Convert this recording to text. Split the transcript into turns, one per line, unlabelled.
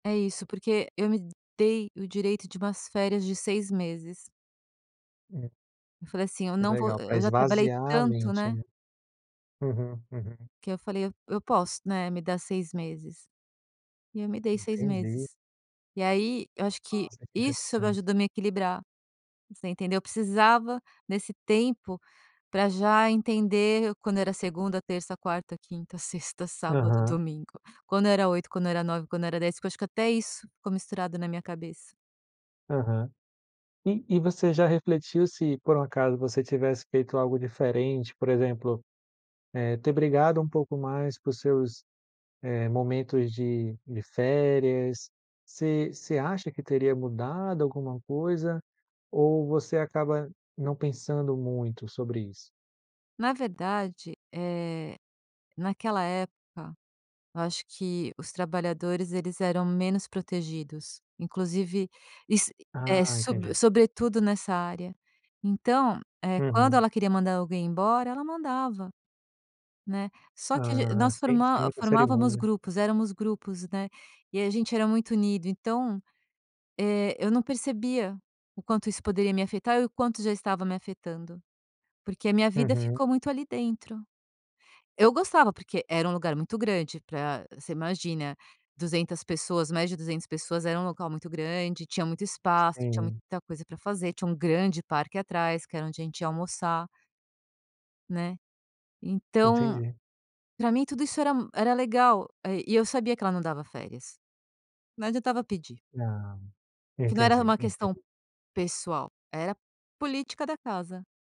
É isso, porque eu me dei o direito de umas férias de 6 meses.
Hum.
Eu falei assim: "Eu
Que
não vou,
legal para
eu já trabalhei
esvaziar a
tanto,
mente,
né".
né? Uhum, uhum.
Que eu falei: "Eu posso, né, me dar 6 meses", e eu me dei 6
Entendi.
meses, e aí, eu acho que
Nossa, que
isso
interessante.
ajudou a me equilibrar, você entendeu? Eu precisava nesse tempo pra já entender quando era segunda, terça, quarta, quinta, sexta, sábado,
Aham.
domingo. Quando era 8, quando era 9, quando era 10, que eu acho que até isso ficou misturado na minha cabeça.
Aham. E e você já refletiu se por um acaso você tivesse feito algo diferente, por exemplo, eh, ter brigado um pouco mais por seus, eh, momentos de de férias, você você acha que teria mudado alguma coisa ou você acaba não pensando muito sobre isso?
Na verdade, eh, naquela época eu acho que os trabalhadores eles eram menos protegidos, inclusive, iss eh,
Ah, entendi.
sobre sobretudo nessa área. Então, eh, quando
Uhum.
ela queria mandar alguém embora ela mandava, né, só que ag
Ah,
nós
sim, sem
forma
muito
formávamos
cerimonia, né?
grupos éramos grupos, né, e a gente era muito unido, então, eh, eu não percebia quanto isso poderia me afetar e o quanto já estava me afetando, porque a minha vida
Uhum.
ficou muito ali dentro. Eu gostava, porque era um lugar muito grande pra você imagina 200 pessoas, mais de 200 pessoas, era um local muito grande, tinha muito espaço, tinha
Sim.
muita coisa para fazer, tinha um grande parque atrás que era onde a gente ia almoçar né, então,
Entendi.
pra mim tudo isso era m era legal e eu sabia que ela não dava férias, não adiantava pedir a pedir.
Ah,
Porque não era
entendi,
uma questão
entendi.
pessoal, era política da casa.